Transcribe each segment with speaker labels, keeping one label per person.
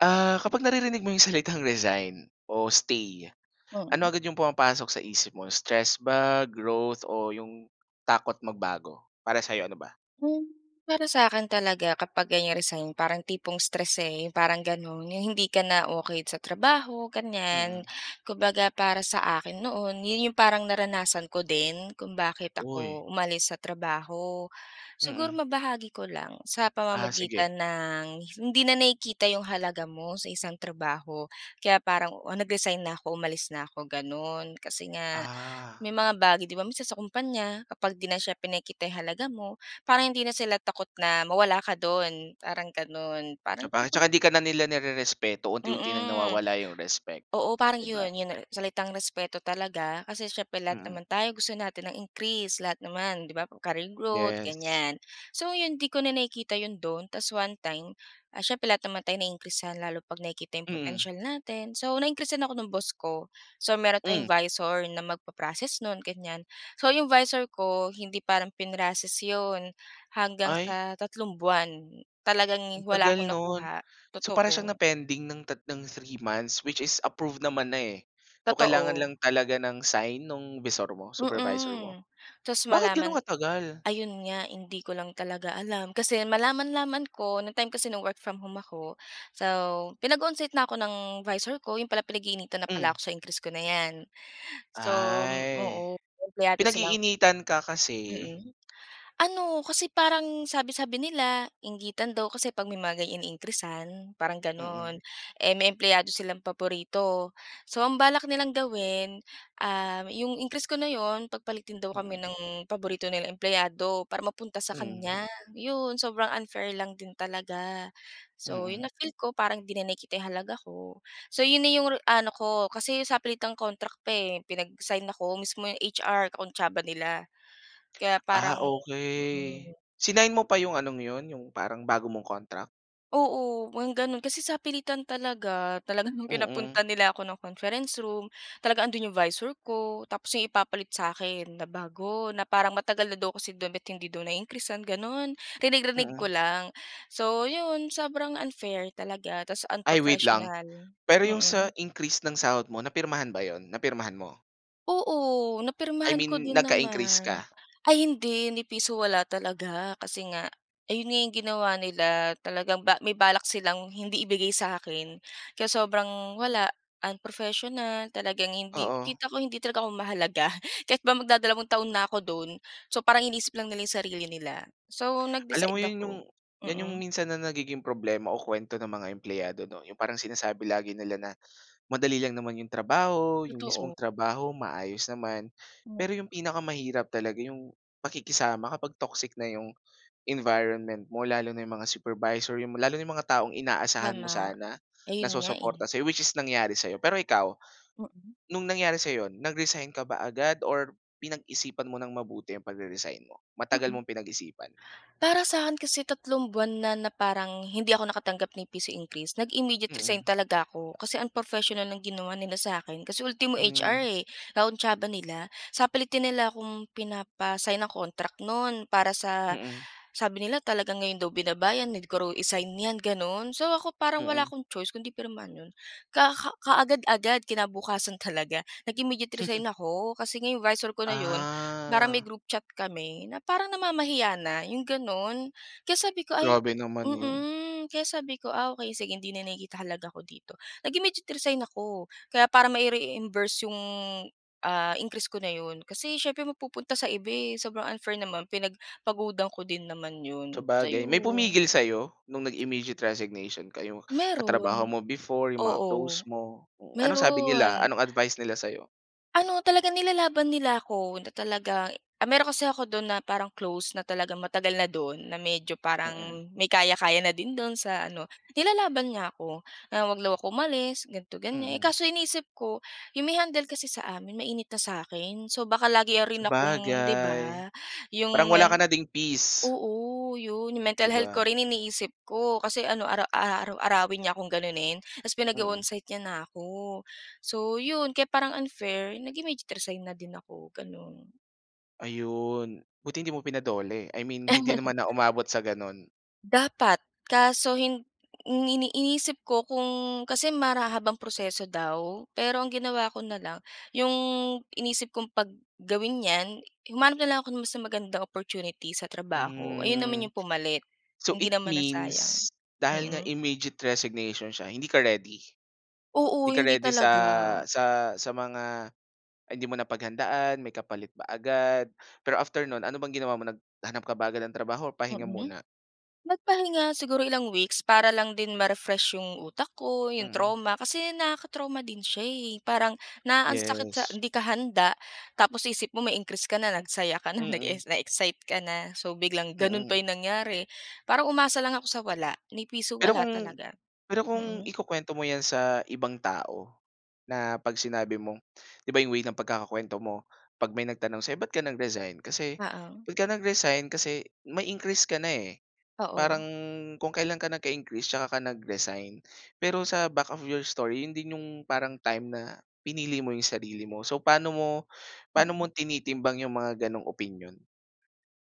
Speaker 1: Ah, kapag naririnig mo yung salitang resign o stay, ano
Speaker 2: Mm.
Speaker 1: agad yung pumapasok sa isip mo stress ba, growth o yung takot magbago? Para sa 'yo, ano ba?
Speaker 2: Hmm, para sa akin talaga kapag ganyan resign parang tipong stress eh, yung parang gano'n. Yung hindi ka na okey sa trabaho, ganyan.
Speaker 1: Mm.
Speaker 2: Kumbaga, para sa akin noon 'yon yung parang naranasan ko din kung bakit
Speaker 1: Oy.
Speaker 2: ako umalis sa trabaho. Siguro
Speaker 1: Mm.
Speaker 2: mabahagi ko lang sa
Speaker 1: Ah sige.
Speaker 2: pamamagitan ng hindi na nakikita yung halaga mo sa isang trabaho, kaya parang nag-resign na ako, umalis na ako gano'n. Kasi nga
Speaker 1: Ah.
Speaker 2: may mga bagay 'di ba minsan sa kumpanya kapag di na siya pinakikita yung halaga mo, parang hindi na sila takot na mawala ka dun, parang ganun. Parang
Speaker 1: Sabagay
Speaker 2: [unintelligible]
Speaker 1: tsaka di ka na nila nire-respeto unti-unti ng
Speaker 2: Mm.
Speaker 1: nawawala yung respect.
Speaker 2: Oo, parang
Speaker 1: Di ba?
Speaker 2: 'yon 'yon salitang respeto talaga kasi siyempre lahat
Speaker 1: Mm.
Speaker 2: naman tayo gusto natin ng increase lahat naman 'di ba, career growth
Speaker 1: Yes.
Speaker 2: ganyan. So 'yon 'di ko na nakikita 'yon do'n tas one time, ah, siyempre lahat naman tayong na-increasan lalo 'pag nakikita yung
Speaker 1: Mm.
Speaker 2: potensial natin. So, na-increasan ako ng boss ko, so meron
Speaker 1: Hmm.
Speaker 2: tayong 'visor na mag-pa-proccess no'n, ganyan. So, yung 'visor ko, hindi parang prinocess 'yon, hanggang
Speaker 1: Ay.
Speaker 2: sa tatlong buwan, talagang
Speaker 1: Ang
Speaker 2: wala
Speaker 1: tagal
Speaker 2: akong
Speaker 1: no'n.
Speaker 2: nakuha.
Speaker 1: So para siyang
Speaker 2: Totoo.
Speaker 1: na-pending ng tat 3 months, which is approved naman na eh. So, kailangan
Speaker 2: Totoo.
Speaker 1: lang talaga ng sign nung 'visor mo, supervisor mo?
Speaker 2: Mm, tapos
Speaker 1: Bakit gano'n
Speaker 2: malaman
Speaker 1: katagal?
Speaker 2: ayun nga hindi ko lang talaga alam. Kasi malaman-laman ko, nang time kasi na work from home ako, so, pinag-onsite na ako ng 'visor ko, 'yon pala pinag-iinitan na
Speaker 1: Hmm.
Speaker 2: pala ako sa increase ko na 'yan. So,
Speaker 1: Ay.
Speaker 2: oo empleyado silang
Speaker 1: Pinag-iinitan ka kasi?
Speaker 2: Mm. Ano kasi parang sabi-sabi nila inggitan daw kasi 'pag ganyan na may iniin-creasan parang
Speaker 1: Mm.
Speaker 2: gano'n. Eh may empleyado silang paborito. So ang balak nilang gawin, um, yung increase ko na 'yon pagpalitin daw kami
Speaker 1: Mm.
Speaker 2: ng paborito nilang empleyado para mapunta sa
Speaker 1: Mm.
Speaker 2: kanya. 'Yon sobrang unfair lang din talaga. So,
Speaker 1: Mm.
Speaker 2: yung na feel ko parang 'di na nakikita yung halaga ko. So 'yon na yung ano ko, kasi sapilitang contract pa eh, pinag-sign ako, mismo yung HR kakuntsaba nila. Kaya
Speaker 1: Ah,
Speaker 2: parang
Speaker 1: okey.
Speaker 2: hmm.
Speaker 1: Sinign mo pa yung anong yun, yung parang bago mong contract?
Speaker 2: Oo, wang gano'n, kasi sapilitan talaga. Talaga no'ng pinapunta
Speaker 1: Mm.
Speaker 2: nila ako ng conference room, talagang 'andoon yung visor ko, tapos yung ipapalit sa'kin na bago, na parang matagal na daw kasi dun ba't hindi daw na-increasan, gano'n. Rinig rinig ko
Speaker 1: Mm.
Speaker 2: lang. So 'yon, sobrang unfair talaga tapos
Speaker 1: Ay wait lang.
Speaker 2: unprofessional.
Speaker 1: Pero yung sa
Speaker 2: Mm.
Speaker 1: increase ng sahod mo, napirmahan ba yun? Napirmahan mo?
Speaker 2: Oo,
Speaker 1: I
Speaker 2: napirmahan ko
Speaker 1: mean,
Speaker 2: din
Speaker 1: nagka-increase
Speaker 2: naman.
Speaker 1: ka?
Speaker 2: Ay hindi, ni piso wala talaga kasi nga ayon na yung ginawa nila, talagang ba may balak silang hindi ibigay sa'kin. Kaya sobrang wala, unprofessional, talagang hindi
Speaker 1: Oo.
Speaker 2: kita ko hindi talaga ako mahalaga. Kahit ba magdadalawang taon na ako do'n. So, parang iniisip lang nila yung sarili nila. So,
Speaker 1: Alam mo
Speaker 2: nag-decide
Speaker 1: 'yan yung
Speaker 2: ako
Speaker 1: 'yan yung
Speaker 2: mm.
Speaker 1: minsan na nagiging problema o kuwento ng mga empleyado 'no. Yung parang sinasabi lagi nila na, madali lang naman yung trabaho, yung mismong
Speaker 2: Totoo.
Speaker 1: trabaho maayos naman.
Speaker 2: Hmm.
Speaker 1: Pero yung pinakamahirap talaga yung pakikisama kapag toxic na yung environment mo. Lalo na yung mga supervisor, yung lalo na yung mga taong inaasahan mo
Speaker 2: Tama.
Speaker 1: sana, na
Speaker 2: Ayun nga eh.
Speaker 1: susuporta sa 'yo, which is nangyari sa 'yo. Pero ikaw,
Speaker 2: Mm.
Speaker 1: nung nangyari sa 'yo yun, nag-resign ka ba agad or pinag-isipan mo ng mabuti ang pagre-resign mo? Matagal
Speaker 2: Mm.
Speaker 1: mong pinag-isipan?
Speaker 2: Para sa'kin kasi 3 buwan na, na parang hindi ako nakatanggap ni piso increase, nag-immediate resign
Speaker 1: Mm.
Speaker 2: talaga ako. Kasi unprofessional ang ginawa nila sa akin, kasi ultimo HR
Speaker 1: Hmm.
Speaker 2: eh, kakuntsaba nila. Sapilitan nila akong pinapa-sign ng contract no'n, para sa
Speaker 1: Mm.
Speaker 2: sabi nila talaga ngayon daw binaba 'yan, need ko raw i-sign 'yan, gano'n. So ako parang wala
Speaker 1: Mm.
Speaker 2: akong choice kung 'di pirmahan 'yon. Ka kaagad-agad, kinabukasan talaga nag-immediate resign ako. Kasi nga yung visor ko na 'yon, parang may
Speaker 1: Ah.
Speaker 2: group chat kami, na parang namamahiya na, yung gano'n. Kaya sabi ko ay
Speaker 1: Grabe naman 'yon.
Speaker 2: mm, kaya sabi ko, "Ah okey, sige hindi na nakikita halaga ko dito." Nag-immediate resign ako. Kaya para mai-reimburse yung, ah, increase ko na 'yon, kasi siyempre mapupunta sa iba eh, sobrang unfair naman. Pinagpagudan ko din naman 'yon, so
Speaker 1: Sabagay. May
Speaker 2: 'yon.
Speaker 1: pumigil sa 'yo? No'ng nag-immediate resignation ka, yung katrabaho
Speaker 2: Meron.
Speaker 1: mo before? Yung mga close
Speaker 2: Oo,
Speaker 1: mo? Anong sabi nila?
Speaker 2: meron.
Speaker 1: Anong advice nila sa 'yo?
Speaker 2: Ano, talagang nilalaban nila ako, na talaga ah, meron kasi ako do'n na parang close na talagang matagal na do'n na medyo
Speaker 1: Mm.
Speaker 2: parang may kaya-kaya na din do'n sa ano. Nilalaban niya ako, na 'wag daw ako umalis ganito, ganiyan. Eh
Speaker 1: Mm.
Speaker 2: kaso iniisip ko, yung may handle kasi sa amin mainit na sa akin. So baka lagi rin akong 'di
Speaker 1: Sabagay.
Speaker 2: ba? Yung
Speaker 1: Parang wala
Speaker 2: men
Speaker 1: ka na ding peace.
Speaker 2: oo, 'yun. Yung mental
Speaker 1: 'Di
Speaker 2: health ko
Speaker 1: ba?
Speaker 2: rin iniisip ko. Kasi ano, ara aaraw-arawin niya akong ganunin tapos
Speaker 1: Mm.
Speaker 2: pinag-o-onsite niya na ako. So, 'yon kaya parang unfair, nag-immediate resign na din ako, gano'n.
Speaker 1: Ayun! Buti hindi mo pina-DOLE. I mean hindi naman na umabot sa gano'n.
Speaker 2: Dapat. Kaso hin ini inisip ko kung kasi mara habang proseso daw. Pero ang ginawa ko na lang, yung inisip ko 'pag gawin 'yan, humanap na lang ako ng mas magandang opportunity sa trabaho. Ayo'n naman
Speaker 1: Hmm.
Speaker 2: yung pumalit,
Speaker 1: So
Speaker 2: hindi
Speaker 1: it
Speaker 2: naman nasayang.
Speaker 1: means, dahil nga
Speaker 2: Mm.
Speaker 1: immediate resignation siya, hindi ka ready? 'Di
Speaker 2: Oo,
Speaker 1: ka
Speaker 2: hindi
Speaker 1: ready sa
Speaker 2: talaga.
Speaker 1: sa sa mga hindi mo napaghandaan, may kapalit ba agad? Pero after no'n, ano bang ginawa mo, naghanap ka ba agad ng trabaho o pahinga
Speaker 2: Mm.
Speaker 1: muna?
Speaker 2: Nagpahinga, siguro ilang weeks para lang din ma-refresh yung utak ko, yung
Speaker 1: Mm.
Speaker 2: trauma. Kasi nakaka-trauma din siya eh. Parang na ang sakit sa
Speaker 1: Yes.
Speaker 2: hindi ka handa tapos isip mo may increase ka na, nagsaya ka na,
Speaker 1: Mm.
Speaker 2: nag-es na-excite ka na. So, biglang gano'n pa
Speaker 1: Mm.
Speaker 2: yung nangyari, parang umasa lang ako sa wala, ni piso
Speaker 1: Pero
Speaker 2: wala
Speaker 1: kung
Speaker 2: talaga.
Speaker 1: pero kung
Speaker 2: Mm.
Speaker 1: ikukuwento mo 'yan sa ibang tao na pag sinabi mong 'di ba, yung way ng pagkakakuwento mo, 'pag may nagtanong sa'yo, "Ba't ka nag-resign kasi
Speaker 2: Oo.
Speaker 1: ba't ka nag-resign kasi may increase ka na eh," parang
Speaker 2: Oo.
Speaker 1: kung kailan ka nagka-increase tsaka ka nag-resign. Pero sa back of your story, 'yon din yung parang time na pinili mo yung sarili mo. So paano mo paano mo
Speaker 2: Mm.
Speaker 1: tinitimbang yung mga gano'ng opinyon?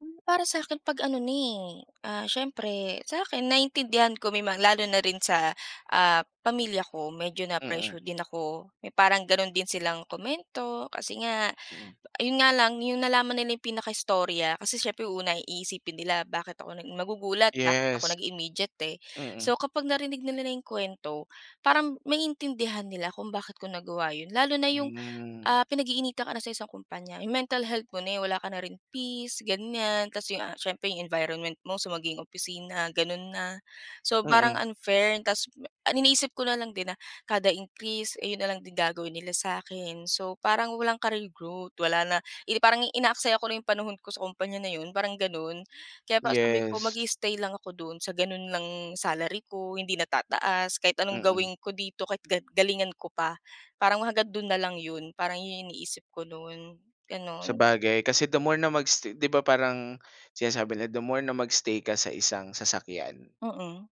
Speaker 2: Hmm, para sa'kin 'pag ano na eh, ah, siyempre, sa akin naintindihan ko may mga lalo na rin sa, ah, pamilya ko. Medyo na
Speaker 1: Mm.
Speaker 2: pressure din ako. May parang gano'n din silang komento kasi nga
Speaker 1: Mm.
Speaker 2: yun nga lang, yung nalaman nila yung pinakaistorya kasi siyempre, u una ay iisipin nila, bakit ako nag magugulat, bakit ako
Speaker 1: Yes.
Speaker 2: nag-immediate eh.
Speaker 1: Mm.
Speaker 2: So, kapag narinig nila na yung kuwento parang, maiintindihan nila kung bakit ko nagawa yun. Lalo na yung,
Speaker 1: Hmm.
Speaker 2: ah, pinag-iinitan ka na sa isang kumpanya, yung mental health mo na eh, wala ka na rin peace ganyan. 'Tas yung, ah, siyempre yung environment mo, so maging opisina, ganun na. So, parang
Speaker 1: Mm.
Speaker 2: unfair, 'tas ang iniisip ko na lang din na kada increase, ay yun na lang din gagawin nila sa‘kin. So, parang walang career growth. Wala na yun eh parang inaaksaya ko na lang yung panahon ko sa kompanya na yun, parang ganun. Kaya parang sabi ko,
Speaker 1: Yes.
Speaker 2: mag-i-stay lang ako do’n sa gano'n lang salary ko, hindi na tataas, kahit anong
Speaker 1: Mm.
Speaker 2: gawin ko dito, kahit ga galingan ko pa. Parang, hanggang do'n na lang ‘yon. Parang yun yung iniisip ko no’n, gano'n.
Speaker 1: Sabagay, kasi the more na mag-stay di ba parang sinasabi nila, "The more na mag-stay ka sa isang sasakyan”
Speaker 2: Mm.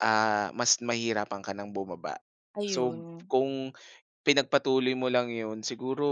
Speaker 1: Ah, mas mahihirapan ka ng bumaba. So,
Speaker 2: Ayun.
Speaker 1: kung pinagpatuloy mo lang 'yon, siguro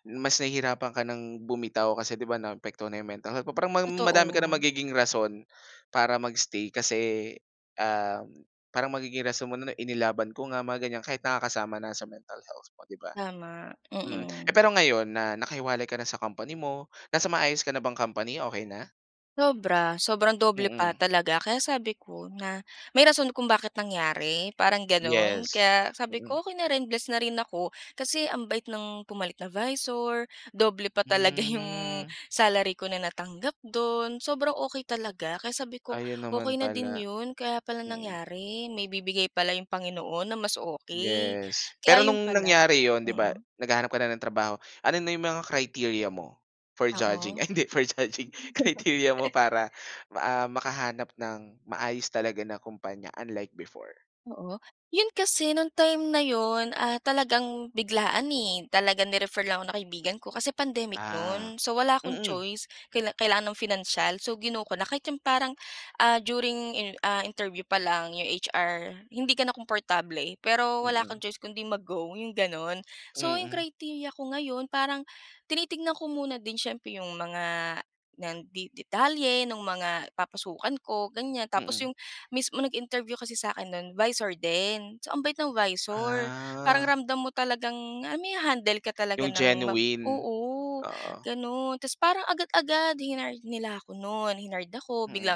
Speaker 1: mas nahihirapan ka ng bumitaw kasi 'di ba naapektuhan na yung mental health mo. Parang mang madami ka ng
Speaker 2: Totoo.
Speaker 1: magiging rason, para mag-stay kasi, um, parang magiging rason mo na inilaban ko nga, mga ganyan, kahit nakakasama na sa mental health mo, 'di ba?
Speaker 2: Tama,
Speaker 1: Mm. Eh,
Speaker 2: mm.
Speaker 1: pero ngayon na nakahiwalay ka na sa company mo, nasa maayos ka na bang company? Okey na?
Speaker 2: Sobra, sobrang doble pa
Speaker 1: Mm.
Speaker 2: talaga. Kaya sabi ko na may rason kung bakit nangyari, parang gano'n.
Speaker 1: Yes,
Speaker 2: Kaya sabi
Speaker 1: mm.
Speaker 2: ko okey na rin bless na rin ako. Kasi ang bait ng pumalit na visor, doble pa talaga yung
Speaker 1: Hmm.
Speaker 2: salary ko na natanggap do'n, sobrang okey talaga. Kaya sabi ko,
Speaker 1: Ayun
Speaker 2: okey
Speaker 1: naman
Speaker 2: na din
Speaker 1: pala.
Speaker 2: 'yon. Kaya pala
Speaker 1: Mm.
Speaker 2: nangyari, may ibibigay pala yung Panginoon na mas okey.
Speaker 1: Yes. Pero
Speaker 2: Kaya 'yon
Speaker 1: no'ng
Speaker 2: pala.
Speaker 1: nangyari 'yon, 'di ba
Speaker 2: Mm.
Speaker 1: naghahanap ka na ng trabaho, ano na yung mga criteria mo, for judging,
Speaker 2: Oo.
Speaker 1: ay hindi for judging, criteria mo para ah, makahanap ng maayos talaga na kumpanya unlike before?
Speaker 2: Oo. 'Yon kasi, no'ng time na 'yon, ah, talagang biglaan eh. Talagang ni-refer lang ako ng kaibigan ko, kasi pandemic
Speaker 1: Ah.
Speaker 2: no'n. So wala akong
Speaker 1: Mm.
Speaker 2: choice kaila kailangan ng financial, so gino ko na. Kahit yung parang, ah, during iner ah, interview pa lang, yung HR hindi ka na komportable. Pero wala
Speaker 1: Mm.
Speaker 2: kang choice kung 'di mag-go, yung gano'n. So yung
Speaker 1: Mhm.
Speaker 2: criteria ko ngayon, parang tinitignan ko muna din siyempre yung mga, nan di detalye no'ng mga papasukan ko ganyan, tapos
Speaker 1: Mm.
Speaker 2: yung mismo nag-interview kasi sakin no'n, visor din. So ang bait ng visor. Parang
Speaker 1: Ah.
Speaker 2: ramdam mo talagang, ah, maiha-handle ka talaga
Speaker 1: Yung
Speaker 2: ng ma
Speaker 1: genuine.
Speaker 2: oo,
Speaker 1: Oo.
Speaker 2: gano'n. Tapos parang agad-agad hinired nila ako no'n, hinired ako,
Speaker 1: Mm.
Speaker 2: bigla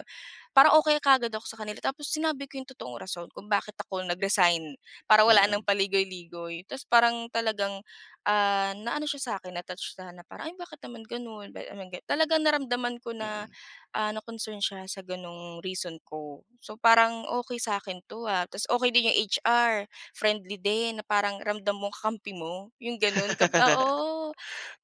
Speaker 2: Parang okey kaagad ako sa kanila. Tapos sinabi ko yung totoong rason kung bakit ako nag-resign, para wala
Speaker 1: Mm.
Speaker 2: ng paligoy-ligoy. Tapos parang talagang, ah, naano siya sa akin, na-touch siya na parang, "Ay bakit naman gano'n." Ba't naman gan Talagang naramdaman ko na,
Speaker 1: Mm.
Speaker 2: ah, na concern siya sa gano'ng reason ko. So parang okey sa akin 'to ha, tapos okey din yung HR, friendly din na parang ramdam mong kakampi mo, yung gano'n ka oo,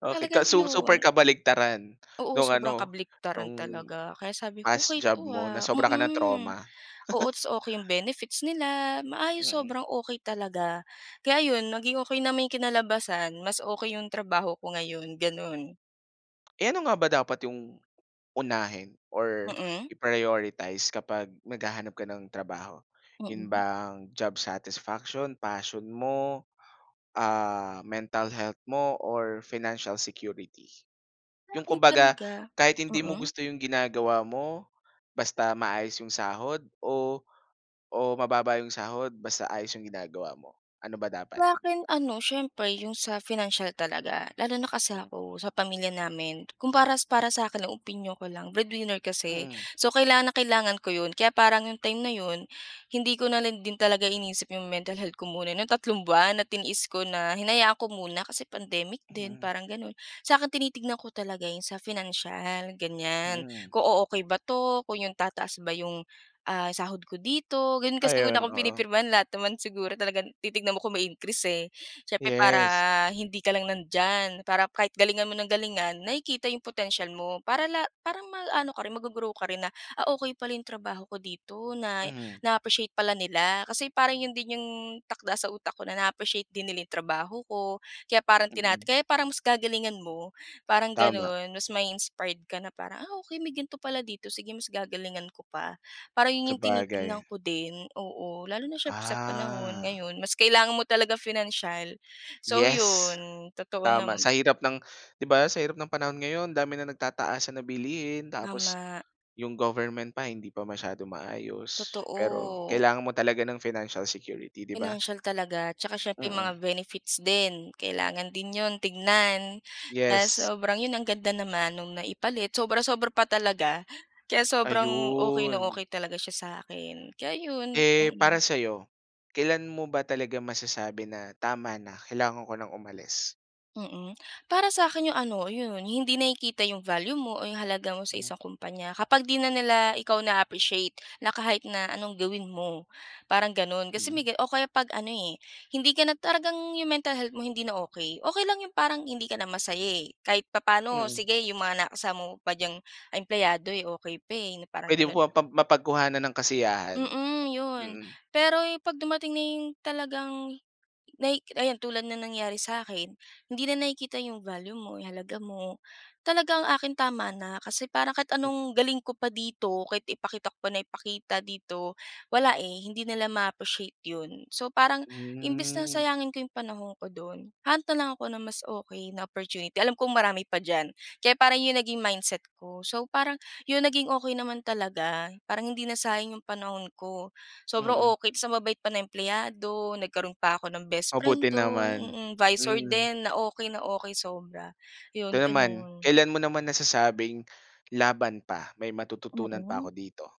Speaker 1: Okey ka
Speaker 2: talagang
Speaker 1: su super
Speaker 2: 'yon.
Speaker 1: kabaligtaran,
Speaker 2: Oo,
Speaker 1: nung
Speaker 2: sobrang
Speaker 1: ano, nung
Speaker 2: kabaliktaran talaga. Kaya sabi ko
Speaker 1: past
Speaker 2: okey
Speaker 1: job
Speaker 2: 'to
Speaker 1: mo na
Speaker 2: ah.
Speaker 1: sobra kang
Speaker 2: Mm.
Speaker 1: na-trauma.
Speaker 2: Oo, tapos okey yung benefits nila, maayos
Speaker 1: Mm.
Speaker 2: sobrang okey talaga. Kaya 'yon, naging okey naman yung kinalabasan. Mas okey yung trabaho ko ngayon, gano'n.
Speaker 1: Eh, ano nga ba dapat yung unahin or
Speaker 2: Mm.
Speaker 1: i-prioritize kapag naghahanap ka ng trabaho, yun
Speaker 2: Mm.
Speaker 1: bang job satisfaction, passion mo, ah, mental health mo, or financial security? Yung
Speaker 2: Sa'kin
Speaker 1: kumbaga
Speaker 2: talaga
Speaker 1: kahit hindi mo
Speaker 2: mm.
Speaker 1: gusto yung ginagawa mo, basta maayos yung sahod o o mababa yung sahod basta ayos yung ginagawa mo, ano ba dapat?
Speaker 2: Sa'kin ano, siyempre yung sa financial talaga. Lalo na kasi ako sa pamilya namin, kung para para sa akin, opinyon ko lang breadwinner kasi.
Speaker 1: Mm.
Speaker 2: So kailangan na kailangan ko 'yon, kaya parang yung time na 'yon hindi ko na lang din talaga iniisip yung mental health ko muna ng tatlong buwan at tiniis ko na hinayaan ko muna, kasi pandemic din
Speaker 1: Mhm.
Speaker 2: parang gano'n. Sa akin, tinitignan ko talaga yun sa financial, ganyan.
Speaker 1: Mm.
Speaker 2: Kung o-okey ba 'to, kung yung tataas ba yung, ah, sahod ko dito, gano'n. Kasi ang una
Speaker 1: Ayun,
Speaker 2: kong
Speaker 1: oo.
Speaker 2: pinipirmahan, lahat naman siguro talagang titignan mo kung may increase eh. Siyempre para
Speaker 1: Yes.
Speaker 2: hindi ka lang nandiyan, para kahit galingan mo ng galingan nakikita yung potensial mo. Para la parang mag-aano ka rin, mag-go-grow ka rin na, "Ah, okey pala yung trabaho ko dito, na
Speaker 1: Mhm.
Speaker 2: na-appreciate pala nila. Kasi parang 'yon din yung takda sa utak ko na na-appreciate din nila yung trabaho ko, kaya parang tina
Speaker 1: Mm.
Speaker 2: kaya parang mas gagalingan mo, parang
Speaker 1: Tama.
Speaker 2: gano'n. Mas mai-inspired ka na parang, "Ah! okey may ganito pala dito, sige mas gagalingan ko pa." Parang 'yon, yung
Speaker 1: Sabagay.
Speaker 2: tinitignan ko din. Oo, lalo na siyempre sa panahon
Speaker 1: Ah!
Speaker 2: ngayon mas kailangan mo talaga financial. So
Speaker 1: Yes!
Speaker 2: 'yon, totoo
Speaker 1: Tama!
Speaker 2: nam
Speaker 1: Sa hirap ng, 'di ba, sa hirap ng panahon ngayon, dami ng nagtataasan na bilihin tapos
Speaker 2: Tama.
Speaker 1: yung government pa hindi pa masyadong maayos. Pero
Speaker 2: Totoo.
Speaker 1: kailangan mo talaga ng financial security, 'di ba?
Speaker 2: Financial talaga. Tsaka siyempre
Speaker 1: Mm.
Speaker 2: mga benefits din, kailangan din 'yon tignan, na
Speaker 1: Yes.
Speaker 2: sobrang 'yon ang ganda naman no'ng naipalit. Sobra-sobra pa talaga. Kaya sobrang okey na
Speaker 1: Ayun.
Speaker 2: okey talaga siya sa akin. Kaya 'yon.
Speaker 1: Eh, para
Speaker 2: Mm.
Speaker 1: sa'yo, kailan mo ba talaga masasabi na tama na, kailangan ko ng umalis?
Speaker 2: Mm. Para sakin yung ano, yun. Hindi nakikita yung value mo o yung halaga mo sa
Speaker 1: Hmm.
Speaker 2: isang kompanya. Kapag, 'di na nila ikaw na-appreciate, na kahit na anong gawin mo, parang gano’n. Kasi, may
Speaker 1: Mm
Speaker 2: ga o kaya 'pag ano eh, hindi ka na talagang yung mental health mo, hindi na okey. Okey lang yung parang hindi ka na masaya eh, kahit papaano
Speaker 1: Mm.
Speaker 2: sige yung mga nakasama mo pa diyang, empleyado eh, okey pa eh, na parang
Speaker 1: Pwede mo
Speaker 2: ganun.
Speaker 1: mapap mapagkuhanan ng kasiyahan.
Speaker 2: Mhm, yun.
Speaker 1: Mm.
Speaker 2: Pero yung, 'pag dumating na yung talagang nahi ayan tulad ng nangyari sa akin, hindi na nakikita yung value mo, yung halaga mo. Talagang akin, tama na. Kasi, parang kahit anong galing ko pa dito, kahit ipakita ko pa nang ipakita dito, wala eh, hindi nila ma-appreciate yun. So, parang imbes na
Speaker 1: Hmm.
Speaker 2: sayangin ko yung panahon ko do’n, hahanap na lang ako na mas okey na opportunity. Alam kong marami pa diyan. Kaya parang yun naging mindset ko. So parang, yun naging okey naman talaga. Parang hindi na sayang yung panahon ko. Sobrang
Speaker 1: Mm.
Speaker 2: okey, tapos ang babait pa ng empleyado, nagkaroon pa ako ng
Speaker 1: Mabuti
Speaker 2: bestfriend do’n.
Speaker 1: naman.
Speaker 2: Mm. 'Visor
Speaker 1: Mm.
Speaker 2: din, na okey na okey sobra.
Speaker 1: Ito
Speaker 2: Yun,
Speaker 1: naman,
Speaker 2: gano’n.
Speaker 1: kailan mo naman nasasabing laban pa, may matututunan pa ako
Speaker 2: Mhm.
Speaker 1: dito?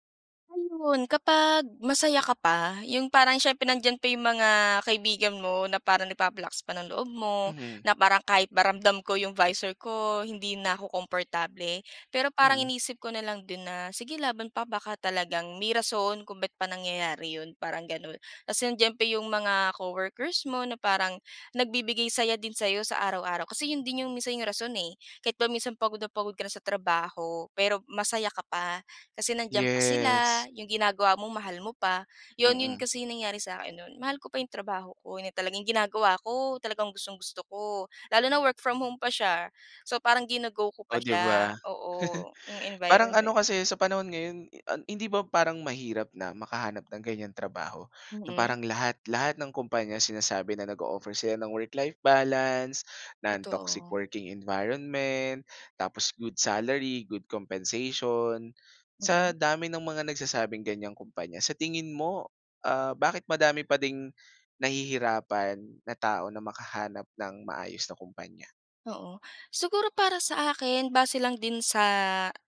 Speaker 2: Ah yun kapag, masaya ka pa, yung parang siyempre nandiyan pa yung mga kaibigan mo, na parang nagpapalakas pa ng loob mo,
Speaker 1: Mhm.
Speaker 2: na parang kahit ba ramdam ko yung 'visor ko, hindi na ako komportable. Pero parang
Speaker 1: Mm.
Speaker 2: iniisip ko na lang din na, "Sige laban pa, baka talagang may rason kung ba't pa nangyayari yun," parang gano’n. Kasi andiyan pa yung mga coworkers mo, na parang nagbibigay saya din sayo sa araw-araw. Kasi yun din yung minsan yung rason eh, kahit ba minsan pagod na pagod ka na sa trabaho, pero, masaya ka pa. Kasi, nandiyan pa sila,
Speaker 1: Yes.
Speaker 2: yung ginagawa mo mahal mo pa. Yun, 'yon
Speaker 1: Mm.
Speaker 2: kasi nangyari sakin no’n. Mahal ko pa yung trabaho ko, yun na talaga yung ginagawa ko, talagang gustong-gusto ko. Lalo na work from home pa siya. So, parang gino-go ko pa
Speaker 1: O 'di ba.
Speaker 2: siya. Oo, yung
Speaker 1: Parang ano
Speaker 2: environment.
Speaker 1: kasi sa panahon ngayon, i ah, hindi ba parang mahirap na makahanap ng ganyang trabaho, na
Speaker 2: Mm.
Speaker 1: parang lahat lahat ng kumpanya sinasabi na nag-o-offer sila ng work-life balance, non-toxic
Speaker 2: Totoo.
Speaker 1: working environment, tapos good salary, good compensation. Sa
Speaker 2: Mm.
Speaker 1: dami ng mga nagsasabing ganyang kumpanya, sa tingin mo, ah, bakit madami pa ding nahihirapan na tao, na makahanap ng maayos na kumpanya?
Speaker 2: Oo. Siguro para sa akin, base lang din sa,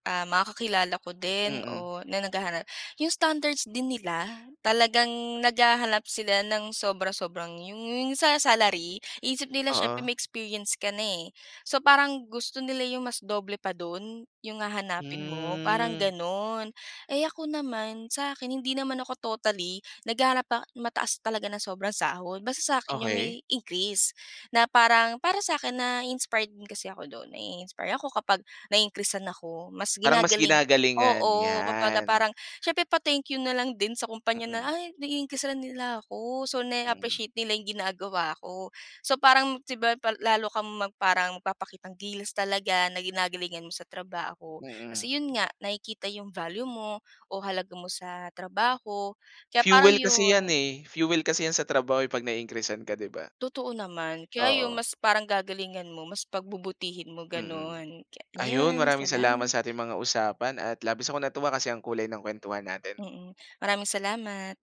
Speaker 2: ah, mga kakakilala ko din
Speaker 1: Mm.
Speaker 2: o na naghahanap, 'yong standards din nila, talagang naghahanap sila ng sobra-sobrang 'yong 'yong sa salary. Iniisip nila siyempre
Speaker 1: Oo.
Speaker 2: may experience ka na eh. So parang gusto nila 'yong mas doble pa do'n, 'yong hahanapin mo, parang
Speaker 1: Hmm.
Speaker 2: gano'n. Eh ako naman, sa akin hindi naman ako totally naghahanap pa mataas talaga na sobrang sahod. Basta sa 'kin 'yong
Speaker 1: Okey.
Speaker 2: may increase. Na parang para sa akin nai-inspired din kasi ako do'n. Nai-inspire ako kapag na-increase'an ako. Mas
Speaker 1: Parang mas
Speaker 2: ginagaling
Speaker 1: ginagalingan,
Speaker 2: oo, kumbaga
Speaker 1: 'yan.
Speaker 2: parang siyempre pa-thank you na lang din sa kumpanya na,
Speaker 1: Mm.
Speaker 2: "Ay nai-increase'an nila ako." So,
Speaker 1: Hmm.
Speaker 2: na-appreciate nila 'yong ginagawa ko. So parang, 'di ba, pal lalo kang parang magpapakitang gilas talaga, na ginagalingan mo sa trabaho.
Speaker 1: Mm.
Speaker 2: Kasi 'yon nga, nakikita 'yong value mo o halaga mo sa trabaho. Kaya parang
Speaker 1: Fuel kasi yan
Speaker 2: 'yon.
Speaker 1: eh, fuel kasi yan sa trabaho 'pag nai-increase'an ka, 'di ba?
Speaker 2: Totoo naman. Kaya ayun
Speaker 1: Oo.
Speaker 2: mas parang gagalingan mo, mas pagbubutihin mo,
Speaker 1: Mm.
Speaker 2: gano'n. Kaya
Speaker 1: Ayun,
Speaker 2: 'yon,
Speaker 1: maraming salamat
Speaker 2: salamat.
Speaker 1: sa ating mga usapan at labis akong natuwa kasi ang kulay ng kuwentuhan natin.
Speaker 2: Mm. Maraming salamat.